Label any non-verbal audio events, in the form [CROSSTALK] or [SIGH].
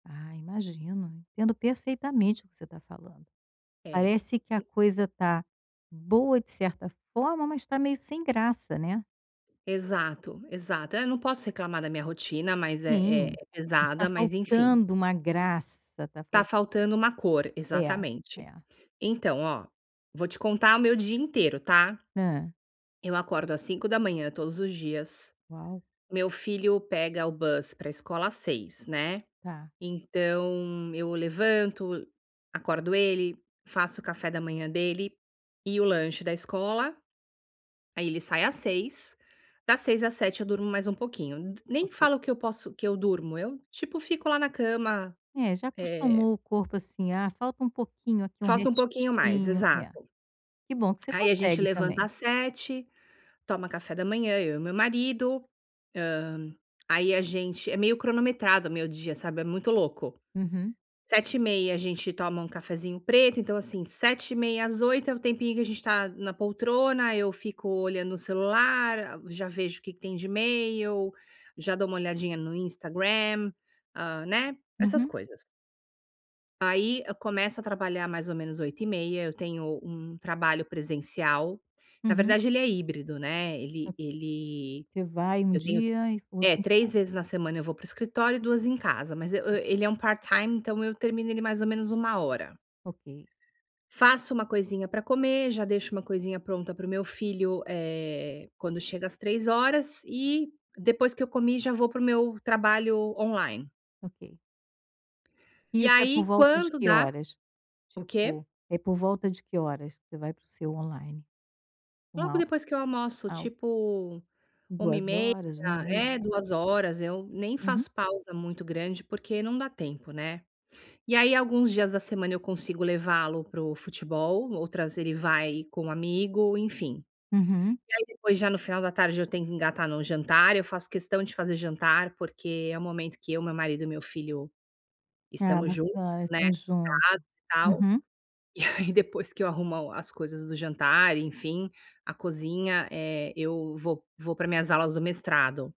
Ah, imagino. Entendo perfeitamente o que você tá falando, É, parece que a e coisa tá boa de certa forma, mas tá meio sem graça, né. Exato, exato, eh, eu não posso reclamar da minha rotina, mas é é Sim, é está pesada, mas, enfim. faltando uma graça, tá Tá fal faltando uma cor, É, exatamente. é. Então, ó, vou te contar o meu dia inteiro, tá? Hã? Eu acordo às 05:00 todos os dias, Uau. meu filho pega o bus, para escola às 06:00, né, Tá. então eu levanto, acordo ele, faço o café da manhã dele, e o lanche da escola, aí ele sai às 06:00, das 06:00 às 07:00 eu durmo mais um pouquinho, d nem Ok. falo que eu posso que eu durmo, eu, tipo, fico lá na cama, É, já eh acostumou o corpo assim, "ah, falta um pouquinho aqui, um Falta uma pouquinho mais, restinho", é, exato. que bom que você Aí a gente consegue levanta também. às 07:00, toma café da manhã eu e meu marido, hã, aí a gente é meio cronometrado o meu dia, sabe, é muito louco. Uhum. 07:30, a gente toma um cafezinho preto, então, assim, 07:30 às 08:00 é o tempinho que a gente tá na poltrona, eu fico olhando o celular, ah, já vejo o que que tem de e-mail, já dou uma olhadinha no Instagram, hã, né, essas Uhum. coisas. Aí eu começo a trabalhar mais ou menos 08:30, eu tenho um trabalho presencial. Na Uhum. verdade ele é híbrido, né, ele Ok, ele você vai um eu tenho dia e fica o outro é, em 3 casa. vezes na semana eu vou para o escritório e 2 em casa, mas eu ele é um part-time, então eu termino ele mais ou menos 13:00. Ok. Faço uma coisinha pra comer, já deixo uma coisinha pronta para o meu filho, eh, quando chega às 15:00 e, depois que eu comi, já vou para o meu trabalho on-line. Ok. E, Isso é por aí, volta de quando que dá horas? o quê? Tipo, é por volta de que horas você vai para o seu on-line? Logo Uma ho depois que eu almoço ah, ok, tipo, uma e duas meia, horas, 13:30? é, Tá. 14:00, eu nem Uhum. faço pausa muito grande, porque não dá tempo, né. E, aí, alguns dias da semana eu consigo levá-lo para o futebol, outras ele vai com um amigo, enfim. Uhum. E, aí, depois já no final da tarde eu tenho que engatar no jantar. Eu faço questão de fazer jantar, porque é o momento que eu, meu marido e meu filho Ah, estamos juntos, bacana, né, estão juntos, [UNINTELLIGIBLE] e tal. uhum. E aí depois que eu arrumo as coisas do jantar, enfim, a cozinha, eh, eu vou vou pra minhas aulas do mestrado.